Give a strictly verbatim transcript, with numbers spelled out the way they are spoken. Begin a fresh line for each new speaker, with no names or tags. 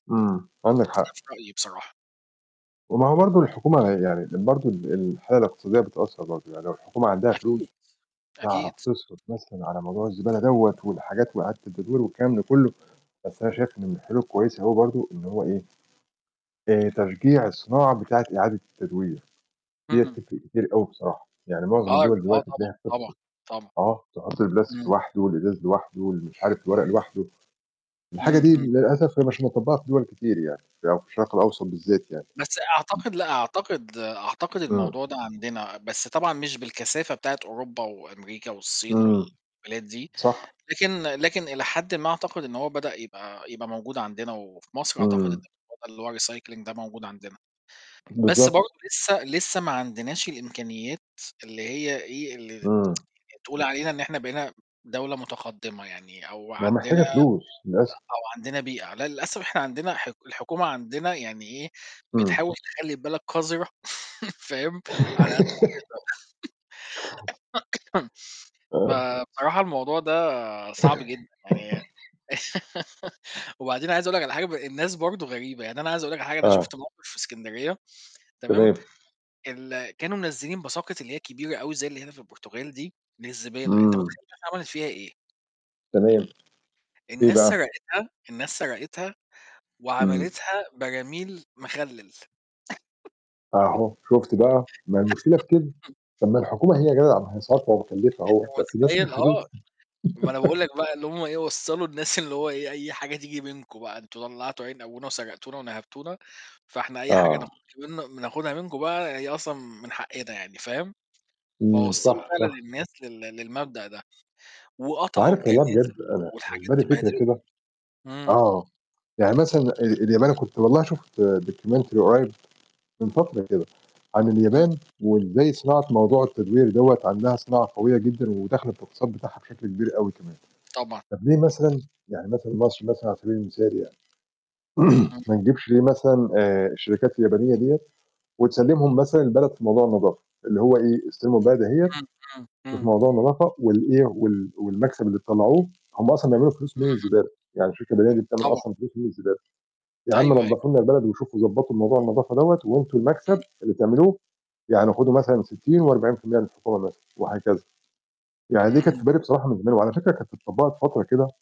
إمم، عندك
وده
حق.
في رأيي بصراحة.
وما هو برضه الحكومة ه يعني ال برضه ال الحالة الإقتصادية بتأثّر برضه، يعني لو الحكومة عندها فلوس،
أكيد،
تعرف
أكيد.
تِصرف مثلًا على موضوع الزبالة دَوَّة والحاجات وإعادة التدوير والكلام ده كُلّه، بس أنا شايف إن من الحلول الكويسة هو برضه إن هو إيه، آآ، تشجيع الصناعة بتاعة إعادة التدوير، دِيَّة
إمم.
تِفرق كتير أوي بصراحة، يعني مُعظم
آه،
الدوَل
بيشوفوها
دلوقتي
طبعًا،
تلاقيها
طبعًا،
بتفصل،
طبعًا.
آه، تحُط البلاستيك
إمم.
لوحدُه والإزاز لوحدُه ومش عارف الورق لوحدُه، الحاجة دي
اهم.
للأسف هي مش مُطبّقة في دُوَل كتير يعني ده لو في الشرق الأوسط بالذّات يعني.
بس أعتقد لأ، أعتقد أعتقد
إمم.
الموضوع ده عندنا، بس طبعًا مش بالكثافة بتاعة أوروبا وأمريكا والصين
إمم.
والبلاد دي،
صح.
لكن لكن إلى حدٍ ما أعتقد إن هو بدأ يبقى يبقى موجود عندنا وفي مصر أعتقد إن
إمم.
الموضوع ده اللي هو الrecycling ده موجود عندنا،
[unintelligible]
بس
بالضبط.
برضه لسّه لسّه ما عندناش الإمكانيات اللي هي إيه، اللي ت
امم.
تقول علينا إن إحنا بقينا دَولة مُتقدّمة يعني أو
ما هي
عندنا، آآ،
محتاجة فلوس للأسف.
أو عندنا بيئة لأ للأسف إحنا عندنا حك الحكومة عندنا يعني إيه،
إمم.
بتحاول تخلّي البلد قذرة فاهم؟ على قد ما تقدر،
آه.
فبصراحة الموضوع ده صعب جدًا يعني وبعدين عايز أقول لك على حاجة ب الناس برضه غريبة، يعني أنا عايز أقول لك على حاجة، أنا
آه.
شُفت موقِف في إسكندرية تمام،
تمام.
ال كانوا منزّلين باساكت اللي هي الكبيرة أوي زي اللي هنا في البرتغال دي للزبالة، أنت
إمم.
مُتخيّل الناس عملت فيها إيه؟
تمام، إيه
الناس
بقى؟
سَرقتها، الناس سَرقتها
إمم.
وعملتها براميل مخلّل.
أهو شُفت بقى، ما هي المشكلة في كده،
[unintelligible]
طَب ما الحكومة هي جَدعة ما هي صارفة ومكلّفة
أنت
أهو بس الناس
مُتخيّل؟ آه، ما أنا باقول
[unintelligible]
لك بقى إن هم إيه وصّلوا الناس إن هو إيه، أي حاجة تيجي منكم بقى، أنتم طلّعتوا عين أبونا وسَرقتونا ونَهبتونا، فإحنا أي حاجة
آه.
ناخدها من بناخدها منكم بقى هي أصلًا من حقّنا يعني، فاهم،
إمم،
فوصّلوا
صح،
فعلًا
صح.
الناس لل للمبدأ ده،
أنت
وقطعوا
عارف والله بجد
الجنازير
أنا في
والحاجات
دماغي
دي بهدلوا
فكرة كده،
الدنيا إمم.
آه، يعني مثلًا آآ، اليابان أنا كنت والله شُفت documentary قريّب من فترة كده عن
إمم.
اليابان وإزاي صناعة موضوع التدوير دَوَّة عندها صناعة قوية جدًا وداخلة في الاقتصاد بتاعها بشكل كبير أوي كمان،
طبعًا.
طَب ليه مثلًا يعني مثلًا مصر مثلًا على سَبيل المثال يعني
إمم.
ما نجيبش ليه مثلًا آآ، الشركات اليابانية دِيَّة وتسلّمهم مثلًا البلد في موضوع النضافة، اللي هو إيه، استلموا البلد أهِيّة،
إمم، إمم،
شوفوا
إمم.
موضوع النضافة وال إيه وال والمكسب اللي تطلّعوه هم أصلًا بيعملوا فلوس
اهم.
من الزبالة يعني الشركة اليابانية دي بتعمل
طبعًا.
أصلًا فلوس من الزبالة، يا
أيوه،
عَم
أيوه.
نضّفوا لنا البلد وشوفوا ضبّطوا موضوع النضافة دَوَّة وأنتم المكسب
إمم.
اللي بتعملوه يعني خدوا مثلًا ستين وأربعين في المِيّة للحكومة مثلًا وهكذا. يعني دي كانت
اهم.
في بالي بصراحة من زمان وعلى فكرة كانت اتطبّقت فترة كده